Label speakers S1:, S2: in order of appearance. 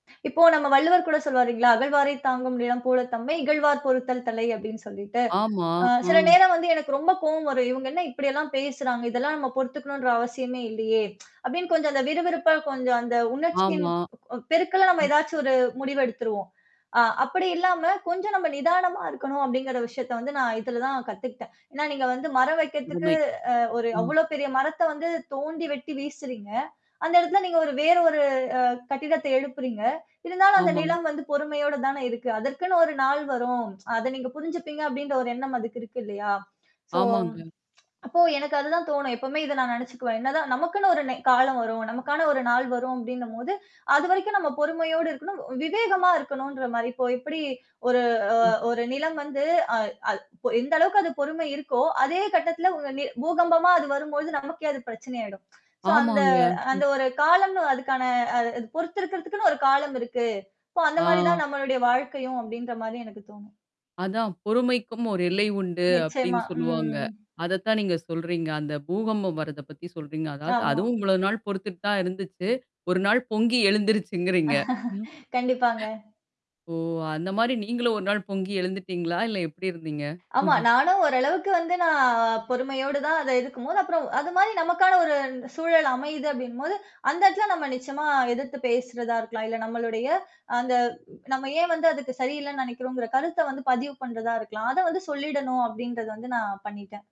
S1: இப்போ நம்ம வள்ளுவர் கூட சொல்வாரு இல்லீங்களா? "அகழவாரைத் தாங்கும் நிலம் போல தம்மை, இகழ்வார் பொறுத்தல் தலை" அப்டின்னு சொல்லிட்டு.
S2: ஆமா.
S1: அ சில
S2: ம்.
S1: நேரம் வந்து எனக்கு ரொம்ப கோவம் வரும். இவங்க என்ன இப்டில்லாம் பேசுறாங்க? இதெல்லாம் நம்ம பொறுத்துக்கணுன்ற அவசியமே இல்லையே! அப்டின்னு கொஞ்சம் அந்த விறுவிறுப்பா கொஞ்சம் அந்த உணர்ச்சியின்
S2: ஆமா.
S1: பெருக்கலா நம்ம
S2: ம்.
S1: ஏதாச்சும் ஒரு முடிவு எடுத்துருவோம். அ அப்படி இல்லாம, கொஞ்சம் நம்ம நிதானமா இருக்கணும் அப்படிங்கிற விஷயத்த வந்து நான் இதுல தான் கத்துக்கிட்டேன். ஏன்னா, நீங்க வந்து மரம் வைக்கிறதுக்கு
S2: அருமை.
S1: அ ஒரு
S2: ம்.
S1: அவ்ளோ பெரிய மரத்த வந்து தோண்டி வெட்டி வீசுறீங்க. அந்த இடத்துல நீங்க ஒரு வேற ஒரு அ கட்டிடத்த எழுப்புறீங்க. இருந்தாலும் அந்த
S2: ஆமா.
S1: நிலம் வந்து பொறுமையோடு தானே இருக்கு. அதற்குன்னு ஒரு நாள் வரும். அத நீங்க புரிஞ்சுப்பீங்க அப்டின்ற ஒரு எண்ணம் அதுக்கு இருக்கு இல்லையா? சோ,
S2: ஆமாங்க.
S1: அப்போ எனக்கு அதுதான் தோணும். எப்பவுமே இத நான் நினைச்சுக்குவேன். என்னதான் நமக்குன்னு ஒரு நெ காலம் வரும். நமக்கான ஒரு நாள் வரும் அப்டின்னும்போது, அதுவரைக்கும் நம்ம பொறுமையோடு இருக்கணும், விவேகமா இருக்கணுன்ற மாரி. இப்போ எப்படி ஒரு அ
S2: ம்.
S1: ஒரு நிலம் வந்து அ அ பொ எந்த அளவுக்கு அது பொறுமை இருக்கோ, அதே கட்டத்தில உ ந பூகம்பமா அது வரும்போழுது நமக்கே அது பிரச்சனயிடும். சோ அந்த
S2: ஆமாங்க.
S1: அந்த ஒரு காலம்னு அதுக்கான அ அ அது பொறுத்திருக்கிறதுக்குன்னு ஒரு காலம் இருக்கு. இப்போ அந்த மாரி
S2: ஆ.
S1: தான் நம்மளுடைய வாழ்க்கையும் அப்டின்ற மாரி எனக்கு தோணும்.
S2: அதான் பொறுமைக்கும் ஒரு எல்லை உண்டு
S1: நிச்சயமா.
S2: அப்படின்னு சொல்லுவாங்க.
S1: ம்.
S2: அதத்தான் நீங்க சொல்றீங்க. அந்த பூகம்பம் வர்றத பத்தி சொல்றீங்க. அதாவது,
S1: ஆமா.
S2: அதுவும் இவ்ளோ நாள் பொறுத்துட்டு தான் இருந்துச்சு. ஒரு நாள் பொங்கி எழுந்துருச்சுங்கிறீங்க.
S1: கண்டிப்பாங்க.
S2: ஓ! அந்த மாரி நீங்களும் ஒரு நாள் பொங்கி எழுந்துட்டீங்களா? இல்ல எப்படி இருந்தீங்க?
S1: ஆமா. நானும் ஓரளவுக்கு வந்து நான் பொறுமையோடு தான் அத எதிர்க்கும்போது அப்புறம் அது மாரி நமக்கான ஒரு சூழல் அமையுது அப்டினும்போது, அந்த இடத்துல நம்ம நிச்சயமா எதிர்த்து பேசுறதா இருக்கலாம். இல்ல நம்மளுடைய அந்த, நம்ம ஏன் வந்து அதுக்கு சரியில்லன்னு நினைக்கிறோங்கிற கருத்த வந்து பதிவு பண்றதா இருக்கலாம். அத வந்து சொல்லிடணும் அப்டின்றத வந்து நான் பண்ணிட்டேன்.